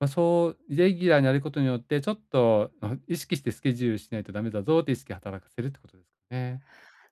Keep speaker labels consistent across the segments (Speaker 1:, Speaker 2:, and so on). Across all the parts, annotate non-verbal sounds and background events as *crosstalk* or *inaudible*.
Speaker 1: ま、そうイレギュラーになることによって、ちょっと *unintelligible* 意識してスケジュールしないとダメだぞって意識働かせるってことですかね。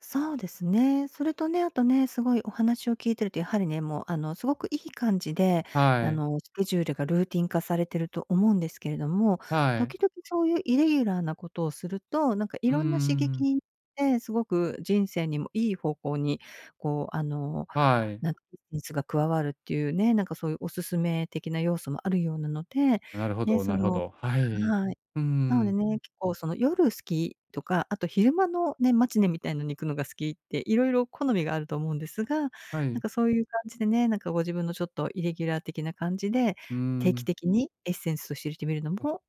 Speaker 2: そうですね。それとね、あとね、すごいお話を聞いてると、やはりね、もう、あの、すごくいい感じで、あ
Speaker 1: はい。
Speaker 2: の、スケジュールがルーティン化されてると思うんですけれども、
Speaker 1: はい。
Speaker 2: 時々そういうイレギュラーなことをすると、なんかい
Speaker 1: うんう
Speaker 2: ろ
Speaker 1: んう
Speaker 2: んな刺
Speaker 1: んう
Speaker 2: 激
Speaker 1: ん。
Speaker 2: にて、すごく人生にもいい方向に、こう、あの、
Speaker 1: はい。
Speaker 2: なんか熱が加わるっていうね、なんかそういうお勧め的な要素もあるようなので、
Speaker 1: なるほ
Speaker 2: ね、
Speaker 1: ど
Speaker 2: そ
Speaker 1: なるほ
Speaker 2: の
Speaker 1: ど。はい。
Speaker 2: はい。
Speaker 1: うんう
Speaker 2: な
Speaker 1: ん
Speaker 2: の
Speaker 1: う
Speaker 2: で
Speaker 1: ん。
Speaker 2: ね、結構その夜好きとか、あと昼間のね、マチネみたいのに行くのが好きって、色々好みがあると思うんですが、な
Speaker 1: は
Speaker 2: ん
Speaker 1: い。
Speaker 2: かそういう感じでね、なんかご自分のちょっとイレギュラー的な感じで、
Speaker 1: うー
Speaker 2: 定期
Speaker 1: ん。
Speaker 2: 的にエッセンスをしれてみるのも、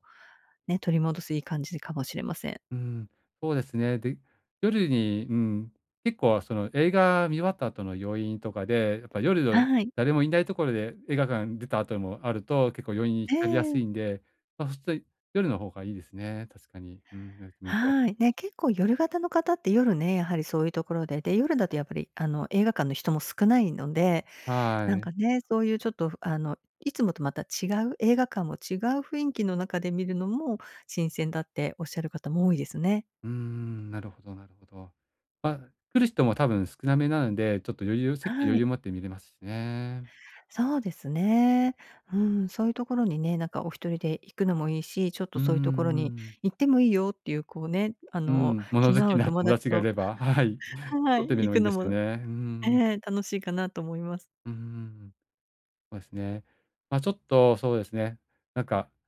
Speaker 2: ね、取り戻すいい感じかもしれません。
Speaker 1: うん、そうですね。で、夜に、うん、結構、その映画見終わった後の余韻とかで、やっぱ夜の
Speaker 2: はい。
Speaker 1: 誰もいないところで映画館出た後もあると結構余韻に
Speaker 2: え
Speaker 1: 浸りやす
Speaker 2: え。
Speaker 1: いんで、まあ、すとい夜の方がいいですね、確かに。うん、ねえ、ほんと。
Speaker 2: はい。ね、結構夜型の方って夜ね、やはりそういうところで、で、夜だとやっぱりあの映画館の人も少ないので、な
Speaker 1: は
Speaker 2: ん
Speaker 1: い。
Speaker 2: かね、そういうちょっとふあのいつもとまた違う、映画館も違う雰囲気の中で見るのも新鮮だっておっしゃる方も多いですね。
Speaker 1: うーん、なるほどなるほど。まあ来る人も多分少なめなので、ちょっと余裕席
Speaker 2: は
Speaker 1: 余裕
Speaker 2: い。
Speaker 1: を持って見れますしね。
Speaker 2: そうですね。うん、そういうところにね、なんかお1人で行くのもいいし、ちょっ
Speaker 1: ん、
Speaker 2: と
Speaker 1: うんう
Speaker 2: そういうところ
Speaker 1: んう
Speaker 2: に
Speaker 1: ん。
Speaker 2: 「行ってもいいよ」っていうこうね、あ
Speaker 1: う
Speaker 2: の
Speaker 1: ん、物
Speaker 2: 気の
Speaker 1: 好
Speaker 2: 合
Speaker 1: き
Speaker 2: う
Speaker 1: な
Speaker 2: 友
Speaker 1: 友
Speaker 2: 達
Speaker 1: 達がい
Speaker 2: と
Speaker 1: れば、はい。
Speaker 2: *giggles* は
Speaker 1: 取
Speaker 2: い、
Speaker 1: ってみるの
Speaker 2: 行
Speaker 1: も
Speaker 2: く
Speaker 1: いいで
Speaker 2: の
Speaker 1: す
Speaker 2: も、
Speaker 1: ね。うん
Speaker 2: え
Speaker 1: うん。
Speaker 2: え楽しいかなと思います。
Speaker 1: うーん。そうですね。まあちょっとそうですね、なんか